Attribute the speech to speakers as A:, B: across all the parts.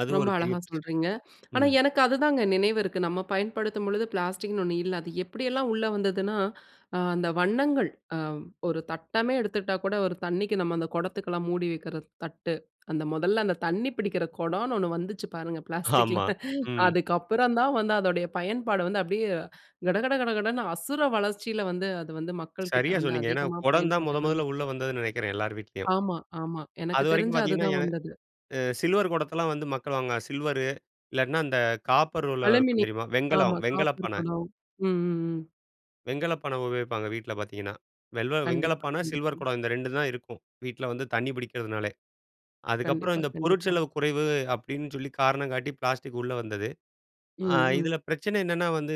A: அது
B: ரொம்ப
A: ஒரு பெரிய
B: அழகா
A: பிரச்சனை.
B: சொல்றீங்க. ஆனா,
A: ம்.
B: எனக்கு அது தாங்க நினைவு இருக்கு. நம்ம பயன்படுத்தும்பொழுது, பிளாஸ்டிக்ன்னு ஒன்னு இல்ல. அது எப்பிடியெல்லாம் உள்ள வந்ததுன்னா, அ அந்த வண்ணங்கள் அ ஒரு தட்டமே எடுத்துகிட்டாகூட ஒரு தண்ணிக்கு நம்ம அந்த குடத்துக்குல்லாம் மூடி வைக்கிற தட்டு. அந்த முதல்ல அந்த தண்ணி பிடிக்கிற குடம்ன்னு ஒன்னு வந்துச்சு பாருங்க! பிளாஸ்டிக்ல.
A: ஆமா. ம்.
B: அதுக்கப்பறம் தான் வந்து அதோடைய பயன்பாடு வந்து அப்பிடியே கடகட கடகடன்னு அசுர வளர்ச்சில வந்து அது வந்து மக்கள்க்கிட்ட
A: சரியா
B: வந்து
A: சொன்னீங்க. ஏன்னா
B: அதிகமா
A: குடம் தான் முதன்
B: பயன்பாட்டுக்கு
A: முதல உள்ள
B: வந்துருச்சு.
A: வந்ததுன்னு நெனைக்கிறேன். எல்லார் வீட்லயும்.
B: ஆமா, ஆமா. எனக்கு
A: அதுவரைக்கும்
B: தெரிஞ்சு
A: பார்த்தீங்கன்னா,
B: அதுதான்
A: எ
B: வந்தது.
A: அ சில்வர் குடத்தல்லாம் வந்து மக்கள் வாங்குவாங்க. சில்வரு இல்லாட்டின்னா அந்த காப்பர்ல இருக்கும்
B: அலுமினி
A: தெரியுமா? வெண்கலம்
B: ஆமா. காப்பர்
A: வெண்கலப்பானை.
B: குடம். ம், ம், ம்.
A: வெண்கலப்பானை உபயோகிப்பாங்க. வீட்ல பார்த்தீங்கன்னா, வெல்வ
B: கண்டிப்பா,
A: வெண்கலப்பானை சில்வர்
B: கண்டிப்பா.
A: குடம் இந்த ரெண்டு தான் இருக்கும். வீட்ல வந்து தண்ணி பிடிக்கிறதுனாலே! அதுக்கப்பறம்
B: கண்டிப்பா,
A: இந்த பொருட்
B: கண்டிப்பா,
A: செலவு குறைவு அப்பிடின்னு சொல்லி காரணம் காட்டி பிளாஸ்டிக் உள்ள வந்தது. ஆ
B: ம், ம்.
A: இதில பிரச்சனை என்னன்னா, வந்து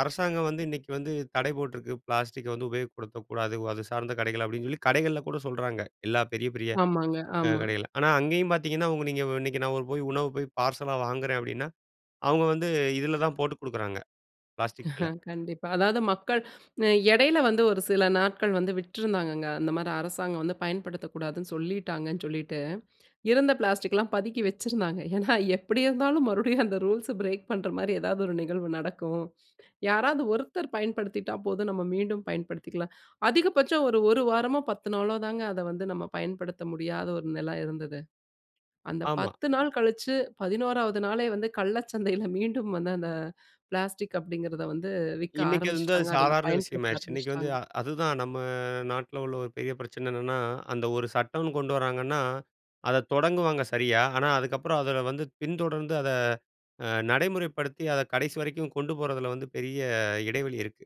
A: அரசாங்கம் வந்து இன்னக்கி வந்து தடை போட்டிருக்கு. பிளாஸ்டிக்க வந்து உபயோகப்படுத்தக்கூடாது. அது சார்ந்த கடைகள் அப்பிடின்னு சொல்லி, கடைகள்ல கூட சொல்றாங்க. எல்லா பெரிய, பெரிய
B: ஆமாங்க.
A: அ
B: ஆமா.
A: கடைகள்ல. ஆனா, அங்கேயும் பார்த்தீங்கன்னா அவுங்க நீங்க இன்னக்கி நான் போய் உணவு போய் பார்சலா வாங்குறேன் அப்பிடின்னா அவுங்க வந்து இதில தான் போட்டுக் கொடுக்குறாங்க. பிளாஸ்டிக் பைல.
B: கண்டிப்பா. அதாவது மக்கள் அ எடையில வந்து ஒரு சில நாட்கள் வந்து விட்டுருந்தாங்கங்க. அந்தமாரி அரசாங்கம் வந்து பயன்படுத்தக்கூடாதுன்னு சொல்லிட்டாங்கன்னு சொல்லிட்டு. இருந்த பிளாஸ்டிக்லாம் பதுக்கி வச்சிருந்தாங்க. ஏன்னா, எப்பிடி இருந்தாலும் மறுபடியும் அந்த ரூல்ஸ் பிரேக் பண்றமாரி ஏதாவது ஒரு நிகழ்வு நடக்கும். யாராவது ஒருத்தர் பயன்படுத்திட்டா போதும். நம்ம மீண்டும் பயன்படுத்திக்கலாம். அதிகபட்சம் ஒரு, 1 வாரமோ! 10 நாளோ! தாங்க அத வந்து நம்ம பயன்படுத்த முடியாத ஒரு நெல இருந்தது. அந்த
A: ஆமா.
B: 10 நாள் கழிச்சு, 11வது நாளே வந்து கள்ள சந்தையில மீண்டும் வந்து அந்த, அந்த பிளாஸ்டிக் அப்பிடிங்கிறத வந்து விக்க
A: இன்னக்கி அது வந்து அது
B: ஆரம்பிச்சுட்டாங்க. அதுல
A: சாதாரண
B: பயன்படுத்த
A: விஷயமாயிருச்சு. இன்னக்கி வந்து
B: ஆரம்பிச்சுட்டாங்க.
A: அ அதுதான் நம்ம நாட்ல உள்ள ஒரு பெரிய பிரச்சன என்னன்னா, அந்த ஒரு சட்டம்ன்னு கொண்டு வராங்கன்னா, அத தொடங்குவாங்க சரியா, ஆனா, அதுக்கப்பறம் அதில வந்து பின்தொடர்ந்து, அத அ நடைமுறைப்படுத்தி அத கடைசி வரைக்கும் கொண்டு போறதில வந்து பெரிய இடைவெளி இருக்கு.